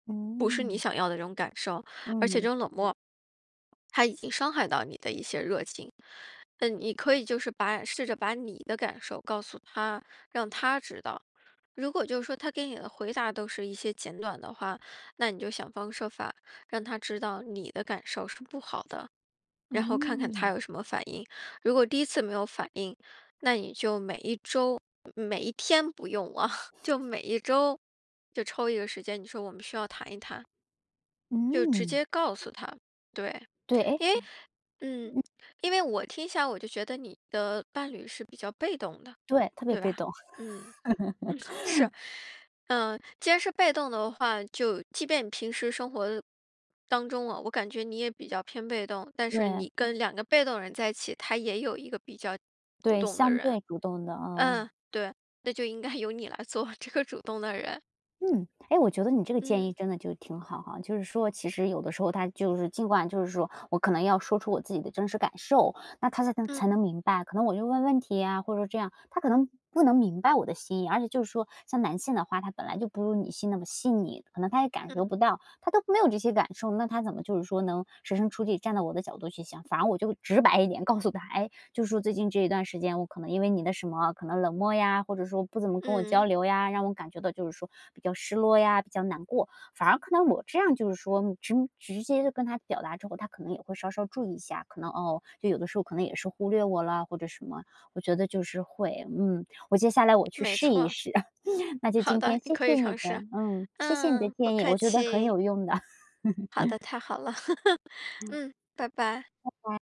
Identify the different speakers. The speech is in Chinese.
Speaker 1: 不是你
Speaker 2: 嗯。
Speaker 1: 想要的这种感受。而且这
Speaker 2: 嗯。
Speaker 1: 种冷漠，他已经伤害到你的一些热情，那你可以就是把试着把你的感受告诉他，让他知道。如果就说他给你的回答都是一些简短的话，那你就想方设法让他知道你的感受是不好的，然后看看他
Speaker 2: 嗯。
Speaker 1: 有什么反应。如果第一次没有反应，那你就每一周，每每一天不用啊，就每一周就抽一个时间，你说我们需要谈一谈。就直
Speaker 2: 嗯。
Speaker 1: 接告诉他。对，
Speaker 2: 对，诶
Speaker 1: 因为嗯，
Speaker 2: 嗯。
Speaker 1: 因为我听起来我就觉得你的伴侣是比较被动的，
Speaker 2: 对，特别
Speaker 1: 对
Speaker 2: 被
Speaker 1: 吧？
Speaker 2: 动。
Speaker 1: 嗯。嗯，是。嗯，既然是被动的话，就即便你平时生活当中了，我感觉你也比较偏被动，但是
Speaker 2: 对。
Speaker 1: 你跟2个被动人在一起，他也有一个比较主
Speaker 2: 对，
Speaker 1: 动的
Speaker 2: 相
Speaker 1: 人。
Speaker 2: 对主动的，哦。
Speaker 1: 嗯，对。那就应该由你来做这个主动的人。
Speaker 2: 嗯。诶，我觉得你这个建
Speaker 1: 嗯。
Speaker 2: 议真的就挺好哈，就是说其实有的时候他就是尽管就是说我可能要说出我自己的真实感受，那他才
Speaker 1: 嗯。
Speaker 2: 才能明白。可能我就问问题呀，或者这样，他可能不能明白我的心意。而且就是说，像男性的话，他本来就不如女性那么细腻，可能他也感
Speaker 1: 嗯。
Speaker 2: 受不到，他都没有这些感受，那他怎么就是说能设身处地站在我的角度去想。反而我就直白一点告诉他，诶，就说这一段时间，我可能因为你的什么，可能冷漠呀，或者说不怎么跟我交
Speaker 1: 嗯。
Speaker 2: 流呀，让我感觉到就是说比较失落呀，比较难过。反而看到我这样就是说直直接跟他表达之后，他可能也会稍稍注意一下，可能，哦，就有的时候可能也是忽略我了或者什么。我觉得就是会嗯，我接下来我去
Speaker 1: 没
Speaker 2: 试一
Speaker 1: 错。
Speaker 2: 试。那就
Speaker 1: 好
Speaker 2: 今
Speaker 1: 的，
Speaker 2: 天
Speaker 1: 你
Speaker 2: 谢
Speaker 1: 可以
Speaker 2: 谢你
Speaker 1: 尝
Speaker 2: 的
Speaker 1: 试。
Speaker 2: 嗯，谢谢你的
Speaker 1: 嗯，不
Speaker 2: 建议，
Speaker 1: 客
Speaker 2: 我觉得很
Speaker 1: 气。
Speaker 2: 有用的。
Speaker 1: 好的，太好了。
Speaker 2: 嗯。
Speaker 1: 嗯，拜拜。
Speaker 2: 拜拜。